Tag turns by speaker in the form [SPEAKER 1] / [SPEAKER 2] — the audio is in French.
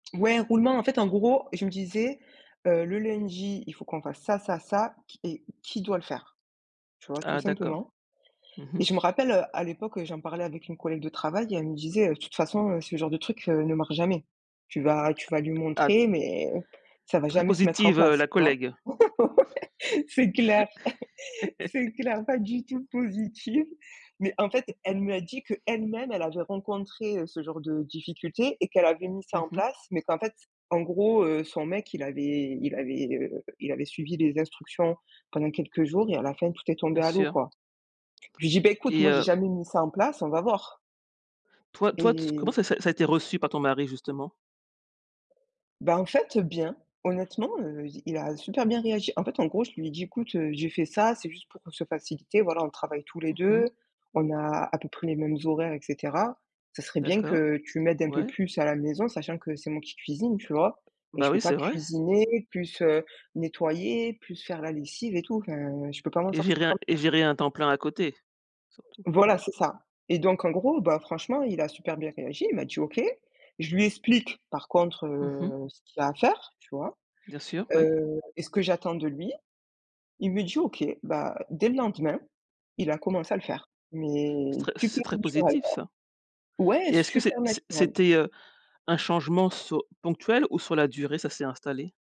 [SPEAKER 1] Ouais, roulement. En fait, en gros, je me disais: «Heu, le lundi, il faut qu'on fasse ça ça ça, qui et, qui doit le faire?» tu vois? Tout
[SPEAKER 2] Ah d'accord.
[SPEAKER 1] simplement.
[SPEAKER 2] Mmh
[SPEAKER 1] Et
[SPEAKER 2] mh.
[SPEAKER 1] je me rappelle, heu, à l'époque, heu, j'en parlais avec une collègue de travail et elle me disait: «Heu, toute façon, heu, ce genre de truc, heu, ne marche jamais. Tu vas tu vas lui
[SPEAKER 2] Ah.
[SPEAKER 1] montrer mais, ça va
[SPEAKER 2] Très
[SPEAKER 1] jamais se mettre en
[SPEAKER 2] positive, heu
[SPEAKER 1] place»,
[SPEAKER 2] la
[SPEAKER 1] tu vois?
[SPEAKER 2] collègue.
[SPEAKER 1] Ouais, c'est clair c'est clair, pas du tout positive. Mais en fait, elle me a dit que, elle-même, elle avait rencontré, heu, ce genre de difficultés et qu'elle avait mis ça
[SPEAKER 2] Mmh
[SPEAKER 1] en
[SPEAKER 2] mh.
[SPEAKER 1] place, mais qu'en fait, en gros, heu, son mec, il avait il avait, heu, il avait suivi les instructions pendant quelques jours et, à la fin, tout est
[SPEAKER 2] Bien
[SPEAKER 1] tombé à l'eau,
[SPEAKER 2] sûr.
[SPEAKER 1] quoi. Je lui dit: «Bah, écoute,
[SPEAKER 2] Et,
[SPEAKER 1] moi, j'ai
[SPEAKER 2] heu
[SPEAKER 1] jamais mis ça en place, on va voir».
[SPEAKER 2] Toi toi, t s comment
[SPEAKER 1] Et
[SPEAKER 2] ça ça a été reçu par ton mari, justement?
[SPEAKER 1] Bah en fait, heu, bien. Honnêtement, heu, il a super bien réagi. En fait, en gros, je lui ai dit: «Écoute, heu, j'ai fait ça, c'est juste pour se faciliter, voilà. On travaille tous les
[SPEAKER 2] Mmh
[SPEAKER 1] deux,
[SPEAKER 2] mh.
[SPEAKER 1] on a à peu près les mêmes horaires, et cetera. Ça serait bien que
[SPEAKER 2] D'accord,
[SPEAKER 1] tu m'aides un peu
[SPEAKER 2] ouais.
[SPEAKER 1] plus à la maison, sachant que c'est moi qui cuisine, tu vois? Et
[SPEAKER 2] Bah
[SPEAKER 1] je peux
[SPEAKER 2] oui,
[SPEAKER 1] pas
[SPEAKER 2] c'est vrai.
[SPEAKER 1] cuisiner, plus, heu, nettoyer, plus faire la lessive et tout. Enfin, je peux pas m'en
[SPEAKER 2] Et
[SPEAKER 1] sortir
[SPEAKER 2] gérer un
[SPEAKER 1] comme ça».
[SPEAKER 2] et gérer un temps plein à côté. Surtout.
[SPEAKER 1] Voilà, c'est ça. Et donc, en gros, ben franchement, il a super bien réagi. Il m'a dit: «OK». Je lui explique, par contre,
[SPEAKER 2] Mmh mh.
[SPEAKER 1] heu, ce qu'il y a à faire, tu vois?
[SPEAKER 2] Bien sûr, oui.
[SPEAKER 1] Heu, et ce que j'attends de lui, il me dit: «OK». Bah, dès le lendemain, il a commencé à le faire. Mais
[SPEAKER 2] C'est très c'est
[SPEAKER 1] super
[SPEAKER 2] très
[SPEAKER 1] naturel,
[SPEAKER 2] positif,
[SPEAKER 1] quoi.
[SPEAKER 2] ça.
[SPEAKER 1] Ouais,
[SPEAKER 2] Et est-ce que
[SPEAKER 1] super
[SPEAKER 2] c'est c
[SPEAKER 1] naturel.
[SPEAKER 2] c'était, heu un changement su ponctuel ou, sur la durée, ça s'est installé?